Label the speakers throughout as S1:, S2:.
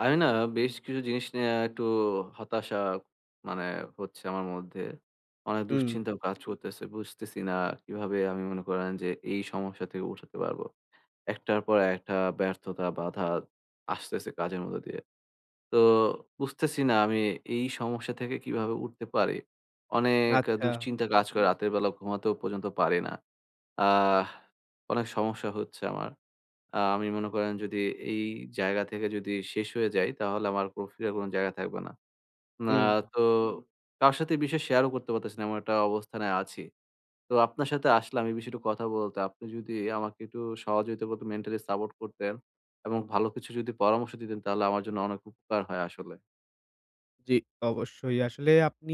S1: আমি না বেশ কিছু জিনিস নিয়ে আ একটু হতাশা মানে হচ্ছে আমার মধ্যে। অনেক
S2: হুম।
S1: দুশ্চিন্তাও কাজ করতেছে। বুঝতেছি না কিভাবে আমি মনে করেন যে, এই সমস্যা থেকে উঠাতে পারবো। একটার পর একটা ব্যর্থতা বাধা আসতেছে কাজের মধ্য দিয়ে। তো বুঝতেছি না আমি এই সমস্যা থেকে কিভাবে উঠতে পারি। অনেক
S2: আচ্ছা।
S1: দুশ্চিন্তা কাজ করে রাতের বেলা ঘুমাতেও পর্যন্ত পারি না। আহ অনেক সমস্যা হচ্ছে আমার। আ আমি মনে করেন যদি এই জায়গা থেকে যদি শেষ হয়ে যাই তাহলে আমার প্রক্রিয়ার কোনো জায়গা থাকবে না। না
S2: হুম।
S1: তো কারও সাথে বিষয় শেয়ার ও করতে পারতেছি না। এমন একটা অবস্থানে আছি। তো আপনার সাথে আসলাম এই বিষয়ে একটু কথা বলতে। আপনি যদি আমাকে একটু সহযোগিতা মেন্টালি সাপোর্ট করতেন এবং ভালো কিছু যদি পরামর্শ দিতেন তাহলে আমার জন্য অনেক উপকার হয় আসলে।
S2: জ্বি। অবশ্যই আসলে আপনি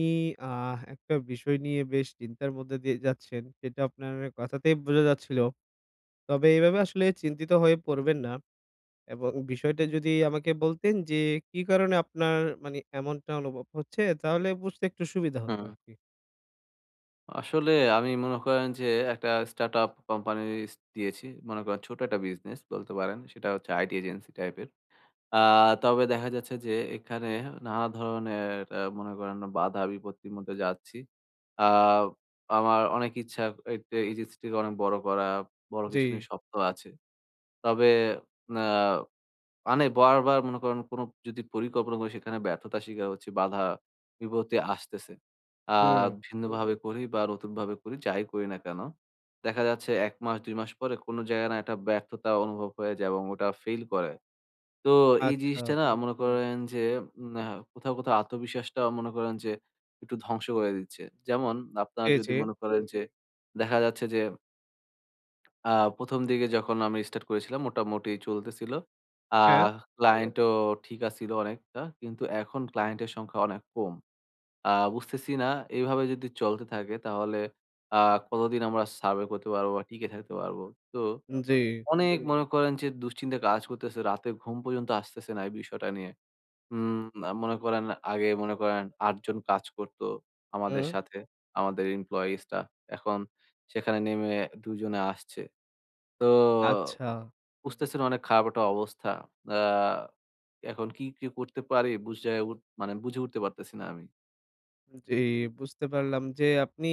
S2: আহ একটা বিষয় নিয়ে বেশ চিন্তার মধ্যে দিয়ে যাচ্ছেন সেটা আপনার কথাতেই বোঝা যাচ্ছিল। তবে এভাবে আসলে চিন্তিত হয়ে পড়বেন না। এবং বিষয়টা যদি আমাকে বলতেন যে, কি কারণে আপনার মানি এমনটা অনুভব হচ্ছে তাহলে বুঝতে একটু সুবিধা হতো
S1: হুম।
S2: আরকি?
S1: আসলে আমি মনে করেন যে, একটা স্টার্টআপ কোম্পানি স দিয়েছি, মনে করেন ছোট একটা বিজনেস বলতে পারেন, সেটা হচ্ছে আইটি এজেন্সি টাইপের। আ তবে দেখা যাচ্ছে যে, এখানে নানা ধরনের অ্যা মনে করেন বাঁধা-বিপত্তির মধ্যে যাচ্ছি। আ আমার অনেক ইচ্ছা এ টে এজেন্সিটিকে অনেক বড় করা, বড় কিছু
S2: জ্বী।
S1: নিয়ে স্বপ্ন আছে। তবে ন্যা মানে বারবার মনে করেন কোনো যদি পরিকল্পনা করি, সেখানে ব্যর্থতা শিকার হচ্ছে, বাঁধা-বিপত্তি আসতেছে। আ
S2: হুম।
S1: ভিন্নভাবে করি বা নতুন ভাবে করি ,যাই করি না কেনো, দেখা যাচ্ছে ১ মাস ২ মাস পরে, কোনো জায়গায় না একটা ব্যর্থতা অনুভব হয়ে যায় এবং ওটা ফেইল করে। তো এই
S2: আচ্ছা।
S1: জিনিসটা না মনে করেন যে, উম অ্যা কোথাও, কোথাও আত্মবিশ্বাসটাও মনে করেন যে একটু ধ্বংস করে দিচ্ছে। যেমন আপনারা
S2: জি,
S1: যদি
S2: জি।
S1: মনে করেন যে, দেখা যাচ্ছে যে আ ১ম দিকে যখন আমি স্টার্ট করেছিলাম মোটামুটি চলতেছিল।
S2: হ্যাঁ।
S1: আহ ক্লায়েন্টও ঠিক ছিল অনেকটা, কিন্তু এখন ক্লায়েন্টের সংখ্যা অনেক কম। আ বুঝতেছি না, এভাবে যদি চলতে থাকে তাহলে আ কতদিন আমরা সার্ভে করতে পারবো? বা টিকে থাকতে পারবো? তো,
S2: উঁ জ্বী।
S1: অনেক মনে করেন যে দুশ্চিন্তা কাজ করতেছে, রাতে ঘুম পর্যন্ত আসতেছে না, এই বিষয়টা নিয়ে। উম মনে করেন আগে মনে করেন ৮জন কাজ করতো, আমাদের
S2: উহুঁ।
S1: সাথে, আমাদের এমপ্লয়িজরা, এখন সেখানে নেমে ২জনে আসছে। তো
S2: আচ্ছা।
S1: বুঝতেছেন অনেক খারাপ একটা অবস্থা, আ এখন কি, কি করতে পারি মানে বুঝজায়ে উঠ মানে বুঝে উঠতে পারতেছি না আমি।
S2: জ্বি, বুঝতে পারলাম যে আপনি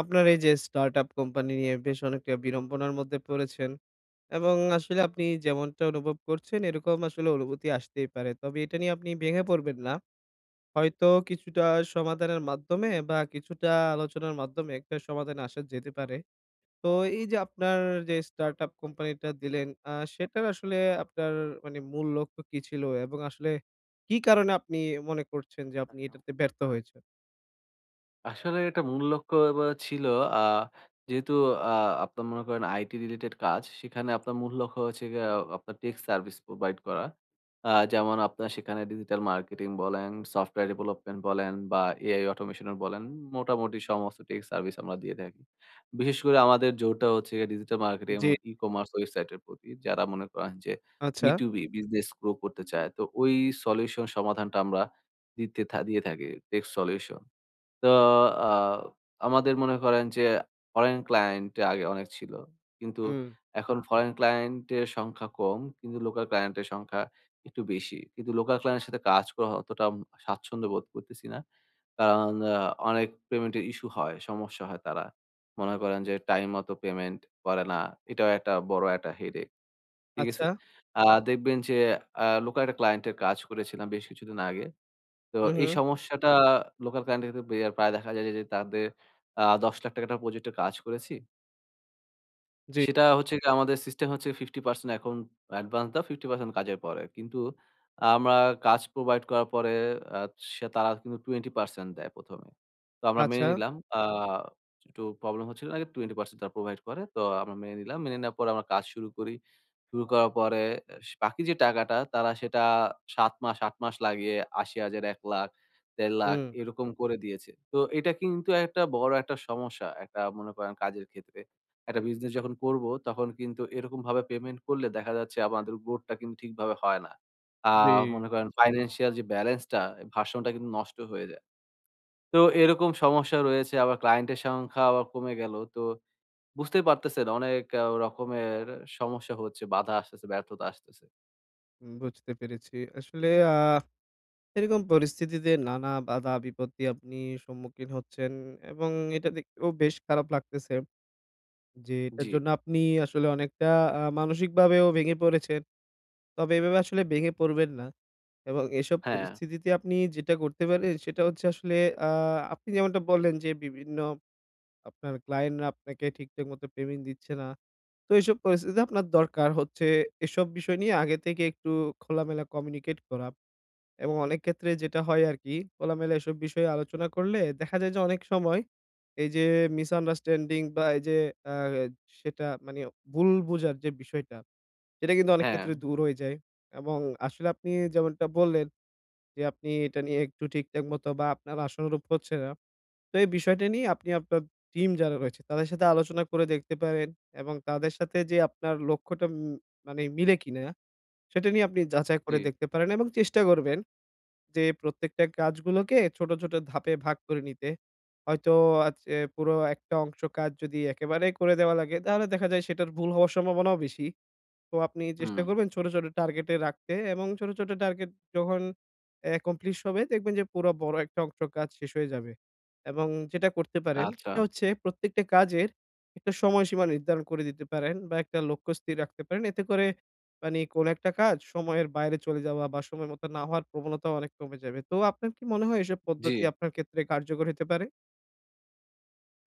S2: আপনার এই যে startup কোম্পানি নিয়ে বেশ অনেকটা বিড়ম্বনার মধ্যে পড়েছেন এবং আসলে আপনি যেমনটা অনুভব করছেন এরকম আসলে অনুভূতি আসতেই পারে। তবে এটা নিয়ে আপনি ভেঙে পড়বেন না। হয়তো কিছুটা সমাধানের মাধ্যমে বা কিছুটা আলোচনার মাধ্যমে একটা সমাধানে আসা যেতে পারে। তো এই যে আপনার যে startup কোম্পানিটা দিলেন আ সেটার আসলে আপনার মানে মূল লক্ষ্য কি ছিল এবং আসলে কি কারণে আপনি মনে করছেন যে আপনি
S1: একদম।
S2: এটাতে ব্যর্থ হয়েছেন?
S1: আসলে এটা মূল লক্ষ্য এ ব্যা ছিল আ যেহেতু আ আপনার মনে করেন আইটি রিলেটেড কাজ, সেখানে আপনার মূল্য লক্ষ্য হয়েছে গিয়ে আ আপনার টেক সার্ভিস প্রোভাইড করা। আ যেমন আপনারা সেখানে ডিজিটাল মার্কেটিং বলেন, সফটওয়্যার ডেভেলপমেন্ট বলেন বা এআই অটোমেশনও বলেন, মোটামুটি সমস্ত টেক সার্ভিস আমরা দিয়ে থাকি। বিশেষ করে আমাদের জোরটা হচ্ছে গিয়ে ডিজিটাল মার্কেটিং
S2: জি।
S1: এবং ই-কমার্স ওয়েবসাইটের প্রতি, যারা মনে করেন যে বি
S2: আচ্ছা।
S1: টু বি বিজনেস গ্রো করতে চায়। তো ওই সলিউশন সমাধানটা আমরা দিতে থাকি দিয়ে থাকি, tech solution। তো আ আমাদের মনে করেন যে ফরেন ক্লায়েন্ট আগে অনেক ছিলো। কিন্তু
S2: হুম।
S1: এখন ফরেন ক্লায়েন্টের সংখ্যা কম, কিন্তু লোকাল ক্লায়েন্টের সংখ্যা একটু বেশি। কিন্তু লোকাল ক্লায়েন্টের সাথে কাজ করা অতটা অম স্বাচ্ছন্দ্য বোধ করতেছি না। কারণ অ্যা অনেক পেমেন্টের ইস্যু হয়, সমস্যা হয় তারা। মনে করেন যে টাইম মতো পেমেন্ট করে না। এটাও একটা বড় একটা headace। ঠিক আছে?
S2: আচ্ছা।
S1: আ দেখবেন যে, অ্যা লোকাল একটা ক্লায়েন্টের কাজ করেছিলাম বেশ কিছুদিন আগে। তো
S2: হু,
S1: এই
S2: হু।
S1: সমস্যাটা লোকাল ক্লায়েন্টদের ক্ষেত্রে প্রায় দেখা যায় যে যে তাদের অ্যা ৳১০,০০০০ টাকার একটা প্রজেক্টর কাজ করেছি
S2: জি।
S1: সেটা হচ্ছে যে আমাদের সিস্টেম হচ্ছে 50% এখন অ্যাডভান্স দেও, 50% কাজের পরে। কিন্তু আমরা কাজ প্রোভাইড করার পরে আ সে তারা কিন্তু 20% দেয় ১ম এ। তো আমরা মেনে
S2: আচ্ছা।
S1: নিলাম। আ একটু প্রবলেম হচ্ছিল আগে 20% তারা প্রোভাইড করে। তো আমরা মেনে নিলাম। মেনে নেওয়ার পরে আমরা কাজ শুরু করি। শুরু করার পরে বাকি যে টাকাটা তারা সেটা ৭ মাস ৮ মাস লাগিয়ে ৮০,০০০, ১,০০,০০০, ১,৫০,০০০
S2: হুম।
S1: এরকম করে দিয়েছে। তো এটা কিন্তু একটা বড় একটা সমস্যা। একটা মনে করেন একটা কাজের ক্ষেত্রে। একটা বিজনেস যখন করব, তখন কিন্তু এরকমভাবে পেমেন্ট করলে দেখা যাচ্ছে আমাদের বোটটা কিন্তু ঠিকভাবে হয় না। আ
S2: জি।
S1: মনে করেন ফাইন্যান্সিয়াল যে বেলেন্স টা, ভার্সন টা কিন্তু নষ্ট হয়ে যায়। তো এরকম সমস্যা রয়েছে আবার ক্লায়েন্ট এর সংখ্যা আবার কমে গেলো। তো বুঝতেই পারতেছেন অনেক রকমের সমস্যা হচ্ছে, বাধা আসতেছে, ব্যর্থতা আসতেছে।
S2: বুঝতে পেরেছি। আসলে আ এরকম পরিস্থিতিতে নানা বাধা বিপত্তি আপনি সম্মুখীন হচ্ছেন এবং এটা দেখতেও বেশ খারাপ লাগতেছে। যে এটার
S1: জ্বি।
S2: জন্য আপনি আসলে আ অনেকটা মানসিকভাবেও ভেঙে পড়েছেন। তবে এভাবে আসলে ভেঙে পড়বেন না। এবং এসব
S1: হ্যাঁ।
S2: পরিস্থিতিতে আপনি যেটা করতে পারেন সেটা হচ্ছে আসলে আ আপনি যেমনটা বললেন যে বিভিন্ন আপনার ক্লায়েন্ট রা আপনাকে ঠিকঠাক মতো পেমেন্ট দিচ্ছে না। তো এসব পরিস্থিতিতে আপনার দরকার হচ্ছে। এসব বিষয় নিয়ে আগে থেকে একটু খোলামেলা কমিউনিকেট করা। এবং অনেক ক্ষেত্রে যেটা হয় আরকি খোলামেলা এসব বিষয়ে আলোচনা করলে দেখা যায় যে অনেক সময় এই যে মিসআন্ডারস্ট্যান্ডিং বা এই যে আ সেটা মানি ভুল বোঝার যে বিষয়টা, সেটা কিন্তু অনেক ক্ষেত্রে
S1: হ্যাঁ।
S2: দূর হয়ে যায়। এবং আসলে আপনি যেমনটা বললেন যে আপনি এটা নিয়ে একটু ঠিকঠাক মতো বা আপনার আশানুরূপ হচ্ছে না। তো এই বিষয়টা নিয়ে আপনি আপনার টিম যারা রয়েছে তাদের সাথে আলোচনা করে দেখতে পারেন এবং তাদের সাথে যে আপনার লক্ষ্যটা ম মানে মিলে কিনা সেটা নিয়ে আপনি যাচাই করে
S1: জী।
S2: দেখতে পারেন এবং চেষ্টা করবেন যে প্রত্যেকটা কাজগুলোকে ছোট, ছোট ধাপে ভাগ করে নিতে। হয়তো, আ যে পুরো একটা অংশ কাজ যদি একেবারেই করে দেয়া লাগে। তাহলে দেখা যায় সেটার ভুল হওয়ার সম্ভাবনাও বেশি। তো আপনি চেষ্টা
S1: হুম।
S2: করবেন ছোট, ছোট টার্গেট এ রাখতে এবং ছোট, ছোট টার্গেট যখন একমপ্লিস হবে দেখবেন যে পুরো বড় একটা অংশ কাজ শেষ হয়ে যাবে। এবং যেটা করতে পারেন
S1: আচ্ছা।
S2: সেটা হচ্ছে প্রত্যেকটা কাজের একটা সময়সীমা নির্ধারণ করে দিতে পারেন, বা একটা লক্ষ্য স্থির রাখতে পারেন। এতে করে মানে কোন একটা কাজ সময়ের বাইরে চলে যাওয়া বা সময় মত না হওয়ার প্রবণতাও অনেক কমে যাবে। তো আপনার কি মনে হয় এসব
S1: জ্বি।
S2: পদ্ধতি আপনার ক্ষেত্রে কার্যকর হতে পারে?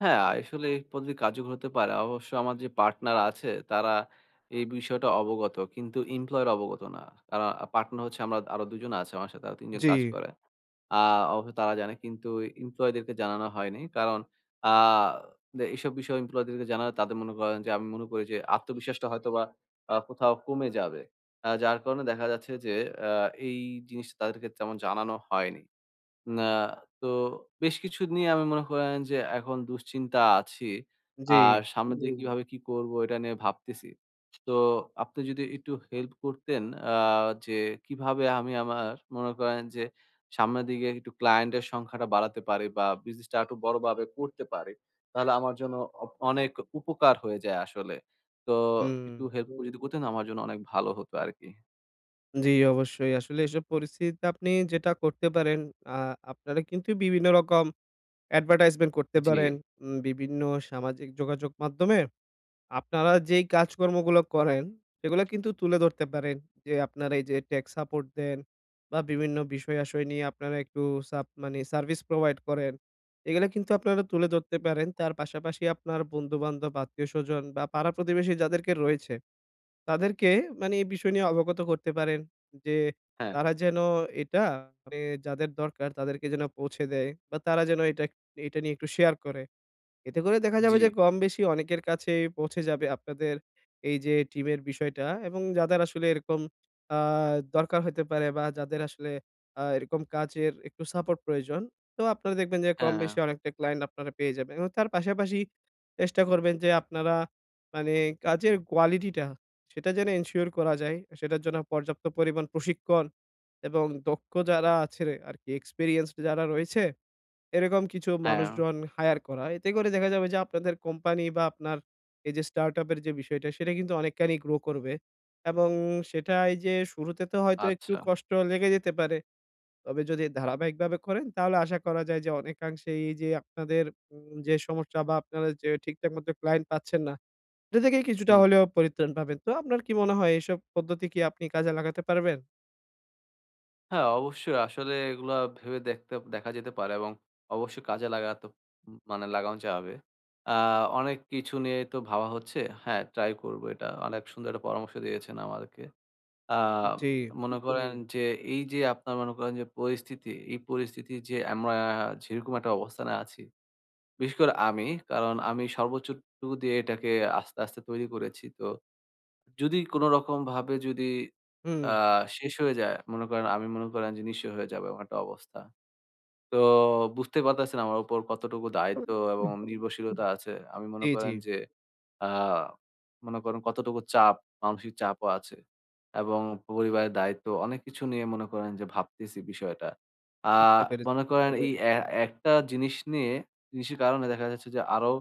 S1: হ্যাঁ, আসলে এই পদ্ধতি কার্যকর হতে পারে। অবশ্য, আমার যে পার্টনার আছে, তারা এই বিষয়টা অবগত, কিন্তু ইমপ্লয়ীরা অবগত না। কারণ, পার্টনার হচ্ছে আমরা আরো ২ জন আছি আমার সাথে, আরো ৩ জন কাজ
S2: জ্বী।
S1: করে। আ অবশ্যই তারা জানে, কিন্তু ইমপ্লয়ীদেরকে জানানো হয়নি। কারণ আ এসব বিষয়ে ইমপ্লয়ীদেরকে জানানো তাদের মনে করে যে আমি মনে করি যে, আত্মবিশ্বাসটা হয়তো বা আ কোথাও কমে যাবে। আ যার কারণে দেখা যাচ্ছে যে, আ এই জিনিসটা তাদেরকে তেমন জানানো হয়নি। না, তো বেশ কিছু নিয়ে আমি মনে করেন যে, এখন দুশ্চিন্তায় আছি। আর
S2: জ্বী।
S1: সামনের দিকে কিভাবে কি করবো, এটা নিয়ে ভাবতেছি। সো, আপনি যদি একটু হেল্প করতেন, আ যে কিভাবে আমি আমার মনে করেন যে, সামনের দিকে একটু ক্লায়েন্ট এর সংখ্যাটা বাড়াতে পারি বা বিজনেসটা আর একটু বড়ভাবে করতে পারি, তাহলে আমার জন্য অনেক উপকার হয়ে যায় আসলে। তো, একটু
S2: হুম।
S1: হেল্প করে যদি করতেন, আমার জন্য অনেক ভালো হতো আরকি।
S2: জ্বী। অবশ্যই। আসলে এইসব পরিস্থিতিতে আপনি যেটা করতে পারেন, আ আপনারা কিন্তু বিভিন্ন রকম অ্যাডভার্টাইজমেন্ট করতে
S1: জ্বী।
S2: পারেন, উম বিভিন্ন সামাজিক যোগাযোগ মাধ্যমে আপনারা যেই কাজকর্মগুলো করেন, সেগুলো কিন্তু তুলে ধরতে পারেন যে, আপনারা এই যে টেক্স সাপোর্ট দেন বা বিভিন্ন বিষয় আসয় নিয়ে আপনারা একটু সাভ মানে সার্ভিস প্রোভাইড করেন। এগুলা কিন্তু আপনারা তুলে ধরতে পারেন। তার পাশাপাশি আপনার বন্ধুবান্ধব, আত্মীয়স্বজন, বা পাড়া প্রতিবেশী যাদেরকে রয়েছে। তাদেরকে মানি এই বিষয় নিয়ে, অবগত করতে পারেন যে,
S1: হ্যাঁ।
S2: তারা যেন এটা, মানে যাদের দরকার তাদেরকে যেন আ পৌঁছে দেয়, বা তারা যেন এটা এটা নিয়ে এটা একটু শেয়ার করে। এতে করে দেখা যাবে যে,
S1: জ্বী।
S2: কমবেশি অনেকের কাছেই পৌঁছে যাবে, আপনাদের এই যে টিমের বিষয়টা এবং যাদের আসলে এরকম আ দরকার হতে পারে বা যাদের আসলে আ এরকম কাজের একটু সাপোর্ট প্রয়োজন, তো আপনারা দেখবেন যে
S1: হ্যাঁ,
S2: কমবেশি
S1: হ্যাঁ।
S2: অনেকটা ক্লায়েন্ট আপনারা পেয়ে যাবেন। এবং তার পাশাপাশি চেষ্টা করবেন যে, আপনারা মানে, কাজের কোয়ালিটিটা, সেটা যেন এনশিওর করা যায়, সেটার জন্য পর্যাপ্ত পরিমাণ প্রশিক্ষণ এবং দক্ষ যারা আছে আরকি, এক্সপেরিয়েন্সড যারা রয়েছে, এরকম কিছু
S1: হ্যাঁ।
S2: মানুষজন হাইয়ার করা। এতে করে দেখা যাবে যে, আপনাদের কোম্পানি বা আপনার এই যে স্টার্টআপ এর যে বিষয়টা, সেটা কিন্তু অনেকখানি গ্রো করবে। এবং সেটাই যে শুরুতে তো হয়তো, একটু
S1: আচ্ছা।
S2: কষ্ট লেগে যেতে পারে। তবে যদি ধারাবাহিকভাবে করেন, তাহলে আশা করা যায় যে, অনেকাংশেই যে আপনাদের যে সমস্যা বা আপনারা যে ঠিকঠাক মত ক্লায়েন্ট পাচ্ছেন না, এটা থেকেই কিছুটা
S1: হুম।
S2: হলেও পরিত্রাণ পাবেন। তো, আপনার কি মনে হয়, এসব পদ্ধতি কি আপনি কাজে লাগাতে পারবেন?
S1: হ্যাঁ অবশ্যই ‌। আসলে এগুলো ভেবে দেখতে দেখা যেতে পারে এবং অবশ্যই কাজে লাগাতে উম মানে লাগানো যাবে। আ অনেক কিছু নিয়ে তো ভাবা হচ্ছে। হ্যাঁ ট্রাই করবো এটা। অনেক সুন্দর একটা পরামর্শ দিয়েছেন আমাদেরকে। আ
S2: জ্বী।
S1: মনে করেন যে এই যে আপনারা মনে করেন যে পরিস্থিতি, এই পরিস্থিতি যে আমরা যেরকম একটা অবস্থানে আছি। বিশেষ করে আমি। কারণ আমি সর্বোচ্চটুকু দিয়ে এটাকে আস্তে, আস্তে তৈরি করেছি। তো যদি কোনরকমভাবে যদি
S2: হুম।
S1: আ শেষ হয়ে যায়। মনে করেন আমি মনে করেন যে নিঃস্ব হয়ে যাব, এমন একটা অবস্থা। তো বুঝতে পারতেছেন আমার উপর কতটুকু দায়িত্ব এবং নির্ভরশীলতা আছে। আমি মনে
S2: জী,
S1: করেন
S2: জী।
S1: যে আ মনে করেন কতটুকু চাপ, মানসিক চাপও আছে এবং পরিবারের দায়িত্ব, অনেক কিছু নিয়ে মনে করেন যে ভাবতেছি বিষয়টা। আ
S2: বুঝতে পেরেছি।
S1: মনে করেন এই এ একটা জিনিস নিয়ে জিনিসের কারণে দেখা যাচ্ছে যে আরো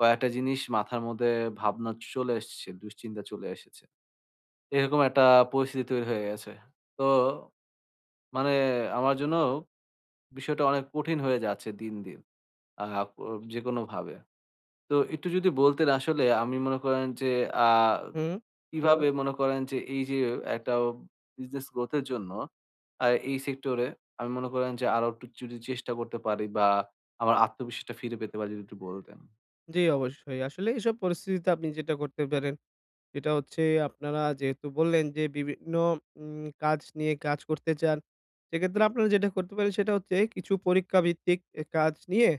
S1: কয়েকটা জিনিস মাথার মধ্যে ভাবনা চলে এসছে, দুশ্চিন্তা চলে এসেছে। এরকম একটা পরিস্থিতি তৈরি হয়ে গেছে। তো মানে আমার জন্যও বিষয়টা অনেক কঠিন হয়ে যাচ্ছে দিন, দিন। আ উ যেকোনোভাবে। তো একটু যদি বলতেন আসলে আমি মনে করেন যে আ
S2: হুম।
S1: কিভাবে মনে করেন যে এই যে একটা business growth এর জন্য আ এই সেক্টরে আমি মনে করেন যে আরো একটু চুরির চেষ্টা করতে পারি বা আমার আত্মবিশ্বাসটা ফিরে পেতে পারি যদি একটু বলতেন।
S2: জি, অবশ্যই। আসলে এসব পরিস্থিতিতে আপনি যেটা করতে পারেন, সেটা হচ্ছে আপনারা যেহেতু বললেন যে বিভিন্ন ওম কাজ নিয়ে কাজ করতে চান। সেক্ষেত্রে আপনারা যেটা করতে পারেন সেটা হচ্ছে কিছু পরীক্ষাভিত্তিক এ কাজ নিয়ে,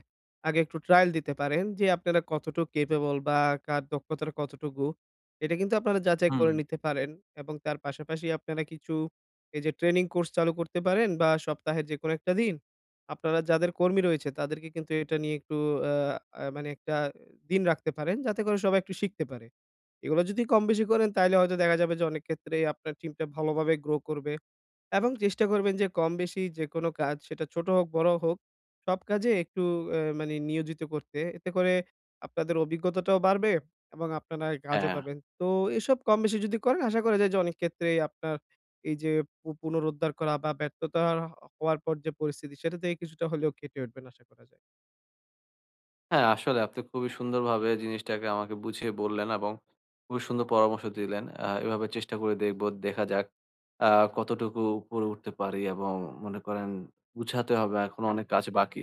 S2: আগে একটু ট্রায়াল দিতে পারেন। যে আপনারা কতটুক ক্যাপেবল বা কার দক্ষতাটা কতটুকু? এটা কিন্তু আপনারা যাচাই করে
S1: হুম।
S2: নিতে পারেন এবং তার পাশাপাশি আপনারা কিছু এই যে ট্রেনিং কোর্স চালু করতে পারেন, বা সপ্তাহের যেকোনো একটা দিন আপনারা যাদের কর্মী রয়েছে তাদেরকে কিন্তু এটা নিয়ে একটু আ আ মানে একটা দিন রাখতে পারেন। যাতে করে সবাই একটু শিখতে পারে। এগুলো যদি কম-বেশি করেন তাহলে হয়তো দেখা যাবে যে অনেক ক্ষেত্রে আপনার টিমটা ভালোভাবে গ্রো করবে। এবং চেষ্টা করবেন যে কম-বেশি যেকোনো কাজ সেটা ছোট হোক, বড় হোক সব কাজে একটু এ মানে নিয়োজিত করতে। এতে করে আপনাদের অভিজ্ঞতাটাও বাড়বে এবং আপনারা এ কাজও
S1: হ্যাঁ।
S2: পাবেন। তো এসব কম-বেশি যদি করেন আশা করা যায় যে অনেক ক্ষেত্রে আপনার এইযে পু পুনরুদ্ধার করা বা ব্যর্থতা হওয়ার, হ হওয়ার পর যে পরিস্থিতি সেটা থেকে কিছুটা হলেও কেটে উঠবেন আশা করা যায়।
S1: হ্যাঁ, আসলে আপনি খুবই সুন্দরভাবে জিনিসটাকে আমাকে বুঝিয়ে বললেন এবং খুবই সুন্দর পরামর্শ দিলেন। আ এভাবে চেষ্টা করে দেখব। দেখা যাক আ কতটুকু উপরে উঠতে পারি? এবং মনে করেন গুছাতে হবে, এখনো অনেক কাজ বাকি।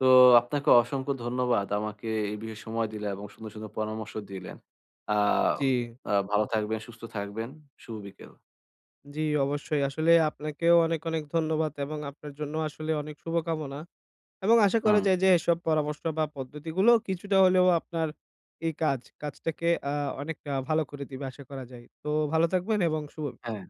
S1: তো আপনাকে অসংখ্য ধন্যবাদ আমাকে এই বিষয়ে সময় দিলেন এবং সুন্দর, সুন্দর পরামর্শ দিলেন। আ
S2: উ জি।
S1: আ ভালো থাকবেন, সুস্থ থাকবেন। শুভ বিকেল।
S2: জি, অবশ্যই। আসলে আপনাকেও অনেক, অনেক ধন্যবাদ এবং আপনার জন্য আসলে অনেক শুভকামনা। এবং আশা করা
S1: হুম।
S2: যায় যে এসব পরামর্শ বা পদ্ধতিগুলো কিছুটা হলেও আপনার এই কাজ, কাজটাকে আ অনেকটা ভালো করে দিবে। আশা করা যায়। তো ভালো থাকবেন এবং শুভ
S1: হ্যাঁ।